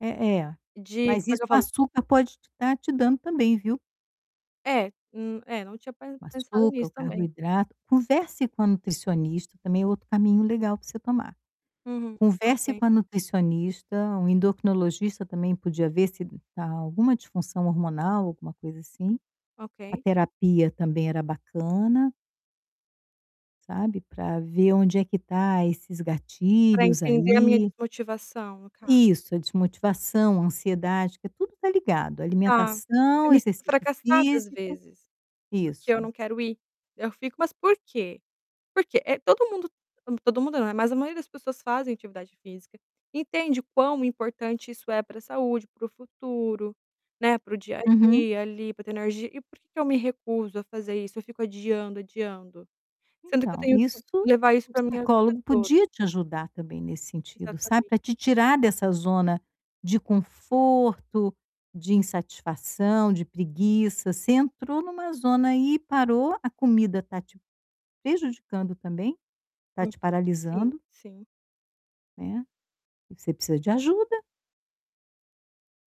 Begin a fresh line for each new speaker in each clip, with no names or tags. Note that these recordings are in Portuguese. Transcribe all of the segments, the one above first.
Eh eh,
De
mas
como é
isso
que eu
o
falo?
açúcar pode te tá te dando também, viu?
É, num é, não tinha pen
O
pensado
açúcar, o
nisso também.
carboidrato. Converse com a nutricionista, também é outro caminho legal para você tomar.
Uhum.
Converse
Ok.
com a nutricionista, um endocrinologista também podia ver se tá alguma disfunção hormonal, alguma coisa assim, a
Ok.
terapia também era bacana sabe, pra ver onde é que tá esses
Para
gatilhos
entender a minha
aí.
desmotivação no caso.
Isso, a desmotivação, a ansiedade, que tudo está ligado,
Tá,
alimentação,
eu me sinto
exercício
fracassada às
físico,
vezes, porque eu
isso.
não quero ir, eu fico: "Mas por quê?" Porque, eh, todo mundo todo mundo, não, mas a maioria das pessoas fazem atividade física, entende quão importante isso é para saúde, para o futuro, né, para o dia a
Uhum.
dia ali, para ter energia, e por que que eu me recuso a fazer isso? Eu fico adiando, adiando? Sendo que eu
Então,
tenho que
isto
levar isso
o
para minha a vida
psicólogo
toda.
podia te ajudar também nesse sentido, sabe,
Exatamente.
para te tirar dessa zona de conforto, de insatisfação, de preguiça, você entrou em uma zona aí parou, a comida está te prejudicando também, está te
[unintelligible] Sim,
paralisando
sim.
né. E você precisa de ajuda.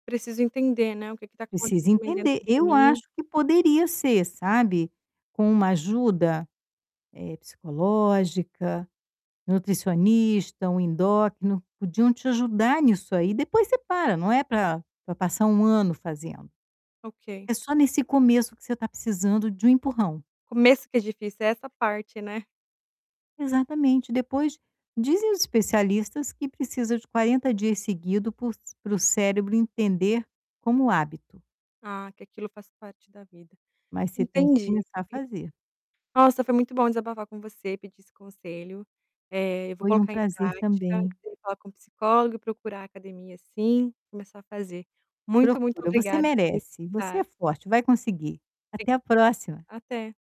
Preciso entender, né, o que que está
Precisa
acontecendo também dentro
entender,
de
eu acho
mim.
que poderia ser, sabe, com uma ajuda, eh, psicológica, nutricionista, um endócrino, podiam te ajudar nisso aí, depois você para, não é para, para passar 1 ano fazendo.
Ok.
É só nesse começo que você está precisando de um empurrão.
Começo que é difícil, é essa parte, né.
Exatamente. Depois, dizem os especialistas que precisa de 40 dias seguido por c para o cérebro entender como hábito.
Ah, que aquilo faz parte da vida.
Mas você tem que
Entendi.
começar a fazer.
Nossa, foi muito bom desabafar com você, pedir esse conselho, eh, eu vou
Foi um
colocar em
prazer
prática,
também.
falar com psicólogo e procurar a academia sim, começar a fazer. Muito, muito
Procura, você
obrigada por me
merece, você é
escutar.
forte, vai conseguir.
[unintelligible]
Até a próxima.
Até.